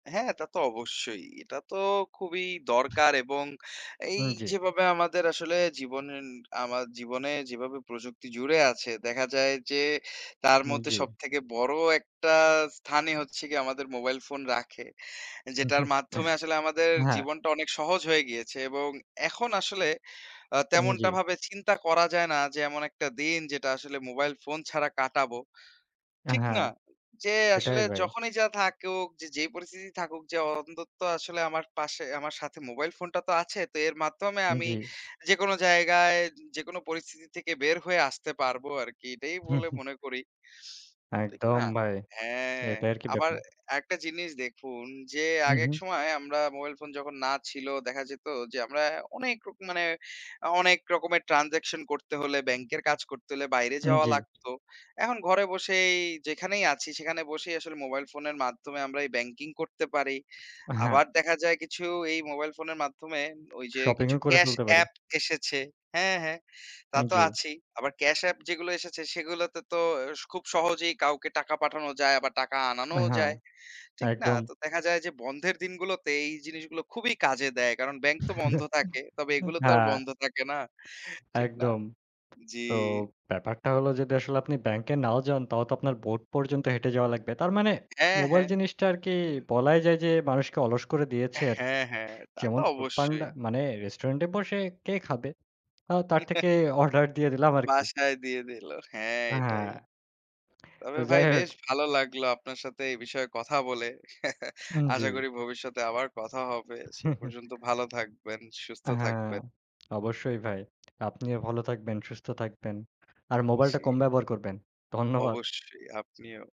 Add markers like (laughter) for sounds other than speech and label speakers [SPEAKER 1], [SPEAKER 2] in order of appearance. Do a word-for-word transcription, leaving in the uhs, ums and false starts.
[SPEAKER 1] হ্যাঁ, তা তো অবশ্যই এটা তো খুবই দরকার এবং এই
[SPEAKER 2] উম জি।
[SPEAKER 1] যেভাবে আমাদের আসলে জীবনেন আমা জীবনে যেভাবে প্রযুক্তি জুড়ে আছে দেখা যায় যে তার
[SPEAKER 2] হুম,
[SPEAKER 1] মধ্যে
[SPEAKER 2] জি।
[SPEAKER 1] সবথেকে বড় একটা স্থানই হচ্ছে গিয়ে আমাদের মোবাইল ফোন রাখে। যেটার মাধ্যমে
[SPEAKER 2] (chuckles)
[SPEAKER 1] আসলে আমাদের
[SPEAKER 2] হ্যাঁ।
[SPEAKER 1] জীবনটা অনেক সহজ হয়ে গিয়েছে, এবং এখন আসলে আ
[SPEAKER 2] উম
[SPEAKER 1] তেমনটা
[SPEAKER 2] জি।
[SPEAKER 1] ভাবে চিন্তা করা যায় না যে এমন একটা দিন যেটা আসলে মোবাইল ফোন ছাড়া কাটাবো। ঠিক
[SPEAKER 2] হ্যাঁ,
[SPEAKER 1] না? যে
[SPEAKER 2] সেটাই
[SPEAKER 1] আসলে
[SPEAKER 2] ভাই।
[SPEAKER 1] যখনই যা থাকুক যে, যেই পরিস্থিতি থাকুক, যে অন্তত্ব আসলে আমার পাশে আমার সাথে মোবাইল ফোনটা তো আছে তো এর মাধ্যমে
[SPEAKER 2] উম
[SPEAKER 1] আমি
[SPEAKER 2] জি।
[SPEAKER 1] যেকোনো জায়গায় যেকোন পরিস্থিতি থেকে বের হয়ে আসতে পারবো আরকি। এটাই বলে
[SPEAKER 2] (chuckles)
[SPEAKER 1] মনে করি। ঠিক
[SPEAKER 2] একদম
[SPEAKER 1] না?
[SPEAKER 2] ভাই,
[SPEAKER 1] হ্যাঁ,
[SPEAKER 2] এটাই আর কি
[SPEAKER 1] আবার এ
[SPEAKER 2] ব্যাপার।
[SPEAKER 1] একটা জিনিস দেখুন, যে
[SPEAKER 2] হু,
[SPEAKER 1] আগে এক
[SPEAKER 2] হু।
[SPEAKER 1] সময় আমরা মোবাইল ফোন যখন না ছিল দেখা যেত যে আমরা অনেক রকম মানে অনেক রকমের ট্রান্সেকশন করতে হলে ব্যাংকের কাজ করতে হলে বাইরে
[SPEAKER 2] উম
[SPEAKER 1] যাওয়া
[SPEAKER 2] জি।
[SPEAKER 1] লাগতো। এখন ঘরে বসেই যেখানেই আছি, সেখানে বসেই আসলে মোবাইল ফোনের মাধ্যমে আমরা এই ব্যাংকিং করতে পারি।
[SPEAKER 2] হ্যাঁ।
[SPEAKER 1] আবার দেখা যায় কিছু এই মোবাইল ফোনের মাধ্যমে ওই যে
[SPEAKER 2] শপিং
[SPEAKER 1] কিছু
[SPEAKER 2] ও করে
[SPEAKER 1] ক্যাশ
[SPEAKER 2] ফেলতে পারে।
[SPEAKER 1] এ্যাপ এসেছে হ্যাঁ, হ্যাঁ তা
[SPEAKER 2] উম
[SPEAKER 1] তো
[SPEAKER 2] জি।
[SPEAKER 1] আছেই। আবার ক্যাশ এ্যাপ যেগুলো এসেছে সেগুলো তো, তো অ্যা খুব সহজেই কাউকে টাকা পাঠানো যায় আবার টাকা
[SPEAKER 2] আ
[SPEAKER 1] আনানোও
[SPEAKER 2] হ্যাঁ,
[SPEAKER 1] যায়। ঠিক না?
[SPEAKER 2] একদম।
[SPEAKER 1] তো দেখা যায় যে বন্ধের দিনগুলোতে এই জিনিসগুলো খুবই কাজে দেয়। কারণ ব্যাংক তো বন্ধ থাকে।
[SPEAKER 2] (chuckles)
[SPEAKER 1] তবে এগুলো তো আর
[SPEAKER 2] হ্যাঁ।
[SPEAKER 1] বন্ধ থাকে না ঠিক না?
[SPEAKER 2] একদম।
[SPEAKER 1] জি।
[SPEAKER 2] তো ব্যাপারটা হল যদি আসলে আপনি ব্যাংকে নাও যান, তাহলেও তো আপনার বোট পর্যন্ত হেঁটে যাওয়া লাগবে। তার মানে
[SPEAKER 1] হ্যাঁ,
[SPEAKER 2] মোবাইল
[SPEAKER 1] হ্যাঁ।
[SPEAKER 2] জিনিসটা আরকি বলাই যায় যে মানুষকে অলস করে দিয়েছে আরকি।
[SPEAKER 1] হ্যাঁ, হ্যাঁ তা তো
[SPEAKER 2] যেমন ফুড পান্ডা,
[SPEAKER 1] অবশ্যই।
[SPEAKER 2] মানে রেস্টুরেন্টে বসে কে খাবে? তাও তার
[SPEAKER 1] (chuckles)
[SPEAKER 2] থেকে অর্ডার দিয়ে দিলাম আরকি।
[SPEAKER 1] বাসায় দিয়ে দিল। হ্যাঁ,
[SPEAKER 2] হ্যাঁ,
[SPEAKER 1] এটাই।
[SPEAKER 2] তো
[SPEAKER 1] তবে ভাই
[SPEAKER 2] যাই হোক।
[SPEAKER 1] বেশ ভালো লাগলো আপনার সাথে এই বিষয়ে কথা বলে। (chuckles)
[SPEAKER 2] উম
[SPEAKER 1] আশা
[SPEAKER 2] জি।
[SPEAKER 1] করি ভবিষ্যতে আবার কথা হবে। সে
[SPEAKER 2] (chuckles)
[SPEAKER 1] পর্যন্ত ভালো থাকবেন, সুস্থ
[SPEAKER 2] (smacks lips) হ্যাঁ,
[SPEAKER 1] থাকবেন।
[SPEAKER 2] অবশ্যই ভাই। আপনিও ভালো থাকবেন, সুস্থ থাকবেন। আর মোবাইলটা
[SPEAKER 1] জি।
[SPEAKER 2] কম ব্যবহার করবেন। ধন্যবাদ।
[SPEAKER 1] অবশ্যই আপনিও।